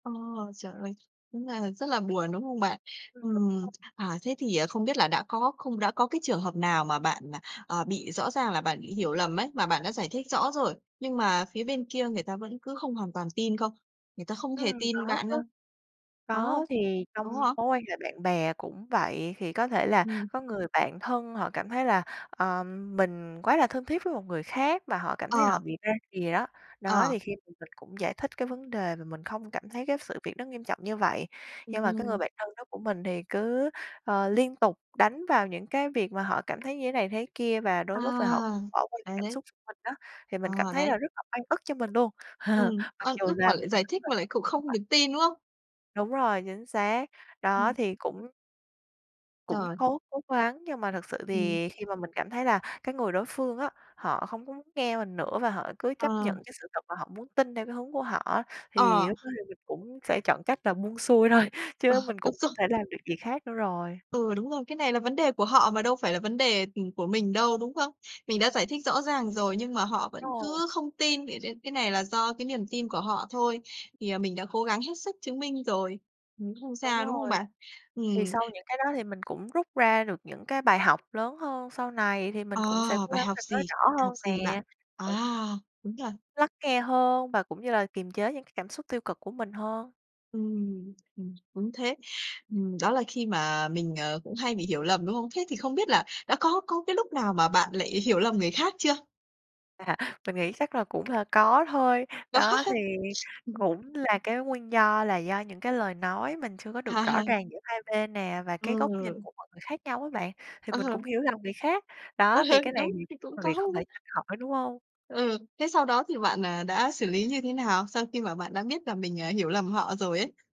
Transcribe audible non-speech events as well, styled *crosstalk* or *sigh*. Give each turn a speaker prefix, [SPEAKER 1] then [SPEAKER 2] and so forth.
[SPEAKER 1] Ờ, trời ơi! Đúng là rất là buồn, đúng không bạn?
[SPEAKER 2] Ừm, đúng rồi.
[SPEAKER 1] Ừm, à, thế thì, à, không biết là đã có không đã có cái trường hợp nào mà bạn, à, à, bị rõ ràng là bạn bị hiểu lầm ấy, mà bạn đã giải thích rõ rồi, nhưng mà phía bên kia người ta vẫn cứ không hoàn toàn tin không? Người ta không hề
[SPEAKER 2] Ừm,
[SPEAKER 1] tin
[SPEAKER 2] có
[SPEAKER 1] bạn
[SPEAKER 2] chứ.
[SPEAKER 1] không? Có không?
[SPEAKER 2] Có, thì
[SPEAKER 1] Có
[SPEAKER 2] trong
[SPEAKER 1] hả?
[SPEAKER 2] mối quan hệ bạn bè cũng vậy, thì có thể là
[SPEAKER 1] Ừm.
[SPEAKER 2] có người bạn thân họ cảm thấy là, à, mình quá là thân thiết với một người khác mà họ cảm thấy là họ
[SPEAKER 1] Ờ.
[SPEAKER 2] bị ra rìa á. Đó,
[SPEAKER 1] Ờ.
[SPEAKER 2] thì khi mà mình cũng giải thích cái vấn đề và mình không cảm thấy cái sự việc nó nghiêm trọng như vậy. Nhưng mà cái người
[SPEAKER 1] Ừm.
[SPEAKER 2] bạn thân đó của mình thì cứ, ờ, liên tục đánh vào những cái việc mà họ cảm thấy như thế này, thế kia và đôi
[SPEAKER 1] À,
[SPEAKER 2] lúc là họ bỏ qua cái
[SPEAKER 1] đấy,
[SPEAKER 2] cảm
[SPEAKER 1] đấy.
[SPEAKER 2] xúc mình á, thì mình cảm
[SPEAKER 1] Ờ,
[SPEAKER 2] thấy
[SPEAKER 1] đấy.
[SPEAKER 2] là rất là oan ức cho mình luôn.
[SPEAKER 1] Ừm,
[SPEAKER 2] *laughs* Mặc
[SPEAKER 1] oan
[SPEAKER 2] dù
[SPEAKER 1] ức
[SPEAKER 2] là
[SPEAKER 1] mà lại
[SPEAKER 2] mình.
[SPEAKER 1] giải thích mà lại cũng không
[SPEAKER 2] *unintelligible*
[SPEAKER 1] được tin, đúng không?
[SPEAKER 2] Đúng rồi, chính xác. Đó
[SPEAKER 1] Ừm.
[SPEAKER 2] thì cũng cũng
[SPEAKER 1] Trời.
[SPEAKER 2] cố cố gắng nhưng mà thực sự
[SPEAKER 1] Ừm.
[SPEAKER 2] thì khi mà mình cảm thấy là cái người đối phương á, họ không có muốn nghe mình nữa và họ cứ chấp
[SPEAKER 1] Ờ.
[SPEAKER 2] nhận cái sự thật mà họ muốn tin theo cái hướng của họ á, thì
[SPEAKER 1] Ờ.
[SPEAKER 2] lúc đó thì mình cũng sẽ chọn cách là buông xuôi thôi
[SPEAKER 1] Ờ,
[SPEAKER 2] chứ mình
[SPEAKER 1] đúng
[SPEAKER 2] cũng
[SPEAKER 1] rồi.
[SPEAKER 2] không thể làm được gì khác nữa rồi.
[SPEAKER 1] Ừ, đúng rồi. Cái này là vấn đề của họ mà đâu phải là vấn đề, ừm, của mình đâu, đúng không? Mình đã giải thích rõ ràng rồi nhưng mà họ vẫn
[SPEAKER 2] *unintelligible*
[SPEAKER 1] cứ không tin *unintelligible* cái này là do cái niềm tin của họ thôi. Thì, à, mình đã cố gắng hết sức chứng minh rồi. Cũng không
[SPEAKER 2] Đúng
[SPEAKER 1] sao, đúng không
[SPEAKER 2] rồi.
[SPEAKER 1] bạn?
[SPEAKER 2] Thì
[SPEAKER 1] Ừm.
[SPEAKER 2] sau những cái đó thì mình cũng rút ra được những cái bài học lớn hơn, sau này thì
[SPEAKER 1] Ờ,
[SPEAKER 2] mình cũng sẽ cố
[SPEAKER 1] bài
[SPEAKER 2] gắng
[SPEAKER 1] học
[SPEAKER 2] là nói
[SPEAKER 1] gì?
[SPEAKER 2] rõ
[SPEAKER 1] Bài
[SPEAKER 2] hơn
[SPEAKER 1] học gì bạn?
[SPEAKER 2] nè.
[SPEAKER 1] À,
[SPEAKER 2] *unintelligible*
[SPEAKER 1] đúng rồi.
[SPEAKER 2] Lắng nghe hơn và cũng như là kiềm chế những cái cảm xúc tiêu cực của mình hơn.
[SPEAKER 1] Ừm, ừm. Đúng thế. Ừm, đó là khi mà mình, ờ, cũng hay bị hiểu lầm, đúng không? Thế thì không biết là đã có có cái lúc nào mà bạn lại hiểu lầm người khác chưa?
[SPEAKER 2] À, mình nghĩ chắc là cũng là có thôi.
[SPEAKER 1] Có
[SPEAKER 2] Đó,
[SPEAKER 1] hả?
[SPEAKER 2] thì
[SPEAKER 1] *sniffs* Ừm.
[SPEAKER 2] cũng là cái nguyên do là do những cái lời nói mình chưa có
[SPEAKER 1] À
[SPEAKER 2] được rõ
[SPEAKER 1] hà.
[SPEAKER 2] ràng giữa hai bên nè và cái góc nhìn
[SPEAKER 1] Ừ.
[SPEAKER 2] của mọi người khác nhau á bạn, thì mình
[SPEAKER 1] Ờ.
[SPEAKER 2] cũng hiểu lầm người khác.
[SPEAKER 1] Ừ
[SPEAKER 2] Đó,
[SPEAKER 1] hừ,
[SPEAKER 2] thì cái này
[SPEAKER 1] đúng,
[SPEAKER 2] thì
[SPEAKER 1] thì cũng
[SPEAKER 2] cũng là việc
[SPEAKER 1] có
[SPEAKER 2] không thể
[SPEAKER 1] luôn.
[SPEAKER 2] tránh khỏi, đúng hông?
[SPEAKER 1] Ừ, thế sau đó thì bạn, à, đã xử lý như thế nào? Sau khi mà bạn đã biết là mình, à, hiểu lầm họ rồi ấy.